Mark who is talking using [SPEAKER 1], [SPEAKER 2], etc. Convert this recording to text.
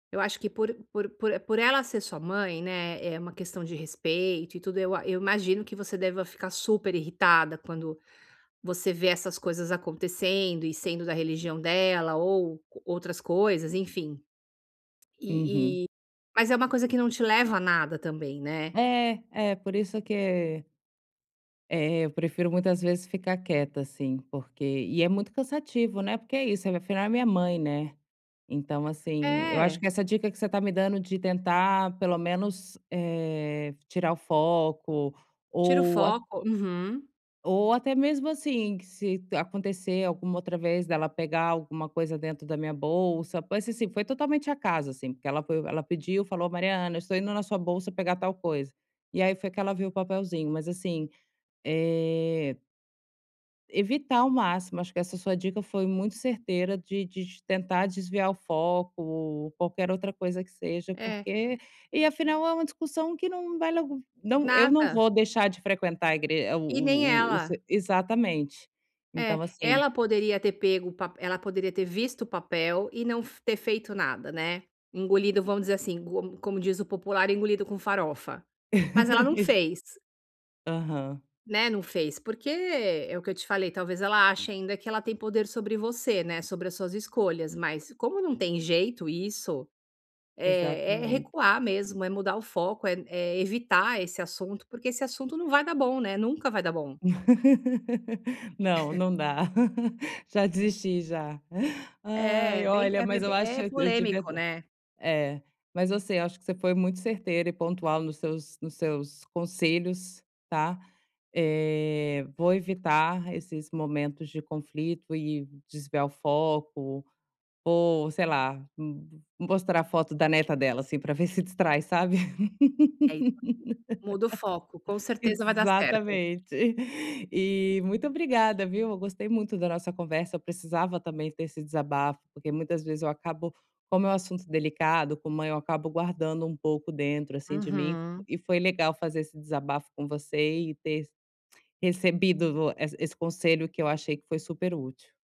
[SPEAKER 1] Eu acho que por por por e por ela ser sua mãe, né, é uma questão de respeito e tudo, eu a eu imagino que você deva ficar super irritada quando você vê essas coisas acontecendo, e sendo da religião dela, ou co outras coisas, enfim.
[SPEAKER 2] Uhum.
[SPEAKER 1] E e, mas é uma coisa que não te leva a nada também, né.
[SPEAKER 2] É. É, por isso que eh, eu prefiro muitas vezes ficar quieta, assim, porque e é muito cansativo, né, porque é isso, afinal é a minha mãe, né. Então assim, eu acho
[SPEAKER 1] É.
[SPEAKER 2] que essa dica que você tá me dando, de tentar pelo menos, eh, tirar o foco,
[SPEAKER 1] Tira o
[SPEAKER 2] ou a
[SPEAKER 1] foco. Uhum.
[SPEAKER 2] ou até mesmo assim, que se acontecer alguma outra vez, dela pegar alguma coisa dentro da minha bolsa, pode ser assim, foi totalmente acaso, assim, porque ela foi, ela pediu, falou: "Mariana, estou indo na sua bolsa pegar tal coisa". E aí foi que ela viu o papelzinho, mas assim, eh evitar ao máximo, acho que essa sua dica foi muito certeira de de de tentar desviar o foco, ou qualquer outra coisa que seja,
[SPEAKER 1] É.
[SPEAKER 2] porque e afinal é uma discussão que não vai logo não, eu não
[SPEAKER 1] Nada.
[SPEAKER 2] vou deixar de frequentar a igre o
[SPEAKER 1] E nem
[SPEAKER 2] o o o
[SPEAKER 1] ela.
[SPEAKER 2] se exatamente.
[SPEAKER 1] É.
[SPEAKER 2] Então assim
[SPEAKER 1] Ela poderia ter pego o pape ela poderia ter visto o papel, e não f ter feito nada, né. Engolido, vamos dizer assim, co como diz o popular: "Engolido com farofa". Mas ela não
[SPEAKER 2] exa
[SPEAKER 1] fez.
[SPEAKER 2] Aham.
[SPEAKER 1] Né, não fez, porque, é o que eu te falei, talvez ela ache ainda que ela tem poder sobre você, né, sobre as suas escolhas, mas como não tem jeito isso, eh, é
[SPEAKER 2] Exatamente.
[SPEAKER 1] recuar mesmo, é mudar o foco, é n é evitar esse assunto, porque esse assunto não vai dar bom, né, nunca vai dar bom.
[SPEAKER 2] Não, não dá. Já desisti, já.
[SPEAKER 1] É, é
[SPEAKER 2] Ai,
[SPEAKER 1] bem é
[SPEAKER 2] olha,
[SPEAKER 1] é
[SPEAKER 2] mas eu
[SPEAKER 1] bem
[SPEAKER 2] acho,
[SPEAKER 1] é
[SPEAKER 2] eu tive
[SPEAKER 1] polêmico,
[SPEAKER 2] azar
[SPEAKER 1] né.
[SPEAKER 2] é, mas você, eu acho que você foi muito certeira e pontual nos seus nos seus conselhos, tá. Eh, vou evitar esses momentos de conflito e desviar o foco, ou sei lá, m mostrar a foto da neta dela, assim, pra ver se distrai, sabe.
[SPEAKER 1] É [unintelligible] Muda o foco, com certeza vai dar certo.
[SPEAKER 2] Exatamente. E, muito obrigada, viu, eu gostei muito da nossa conversa, eu precisava, também, ter esse desabafo, porque muitas vezes eu acabo, como é um assunto delicado, como eu acabo guardando um pouco dentro, assim, de mim,
[SPEAKER 1] Uhum.
[SPEAKER 2] e foi legal fazer esse desabafo com você, e ter recebido essa esse conselho, que eu achei que foi super útil.